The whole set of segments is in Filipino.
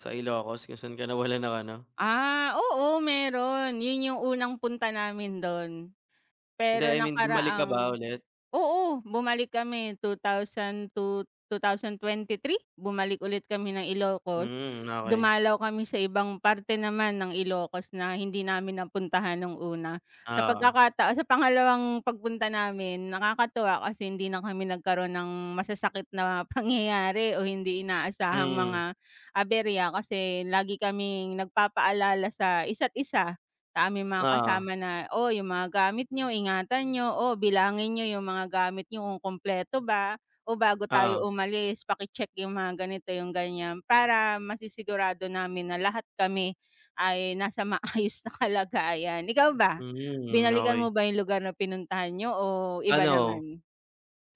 Sa Ilocos kung saan ka nawalan ng ano. Ah, oo meron 'yon yung unang punta namin do'n. Hindi Pero I mean bumalik ka ba nakaraang ulit? oo, bumalik kami 2002, 2023, bumalik ulit kami ng Ilocos, Hmm, okey. dumalaw kami sa ibang parte naman ng Ilocos na hindi namin napuntahan no'ng una. Sa Oo. pagkakataon sa pangalawang pagpunta namin nakakatuwa kasi hindi na kami nagkaroon ng masasakit na pangyayari o hindi inaasahang mga Mm. aberya kasi lagi kaming nagpapaalala sa isa't isa, sa aming mga Oo. kasama na, "Oh, yung mga gamit niyo ingatan niyo, oh, bilangin niyo yung mga gamit niyo kung kumpleto ba o bago tayo Oo. umalis paki check yung mga ganito," yung gan'yan para masisigurado namin na lahat kami ay nasa maayos na kalagayan. Ikaw ba Hmm, binalikan okey. mo ba yung lugar na pinuntahan niyo o iba Ano, naman?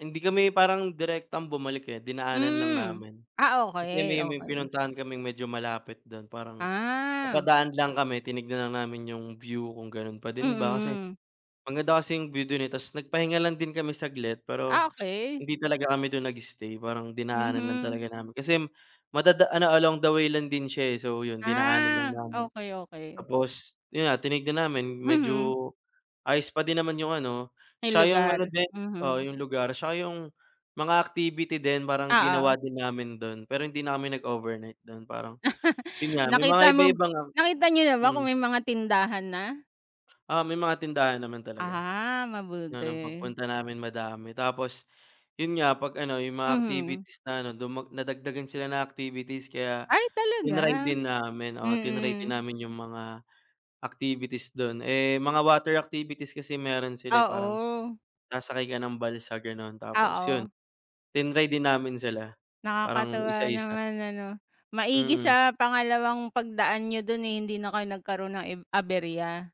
hindi kami parang direktang bumalik, eh, dinaanan lang Hmm, namin. ah, Kasi okey, may may okey. pinuntahan kaming medyo malapit dun parang Ah. napadaan lang kami tinignan lang namin yung view kung gano'n pa din ba kasi Mm. maganda kasi view do'n, eh. Tapos nagpahinga lang din kami saglit Ah, pero okey. hindi talaga kami dun nag-stay parang dinaanan lang Mhm. talaga namin kasi madada along the way lang din siya, eh. So, yun dinaanan lang Ah, namin okey, okey. tapos 'yon nga tinignan namin medyo Mhm. ayos pa din naman yung ano, Yung tsaka yung lugar? ano din oo Mhm. yung lugar. Tsaka yung mga activity din parang Oo. ginawa din namin do'n pero hindi na kami nag overnight do'n parang 'yon nga mga Nakita mo iba-iba nga, nakita niyo ba kung hmm. may mga tindahan na? Oo, may mga tindahan naman talaga. Ah, Ano mabuti. pagpunta namin madami tapos 'yon nga 'pag ano, yung mga Mhm. activities na ano, nadagdagan sila ng activities kaya Ay tinry talaga, din namin, oo tinry din mm. namin yung mga activities dun. Eh, mga water activities kasi meron sila parang Oo sasakay ka ng balsa gano'n tapos yun Oo. tinry din namin sila parang isa, Nakakatuwa isa. naman ano. Maigi Mm. sa pangalawang pagdaan niyo dun, eh, hindi na kayo nagkaroon ng eb aberya.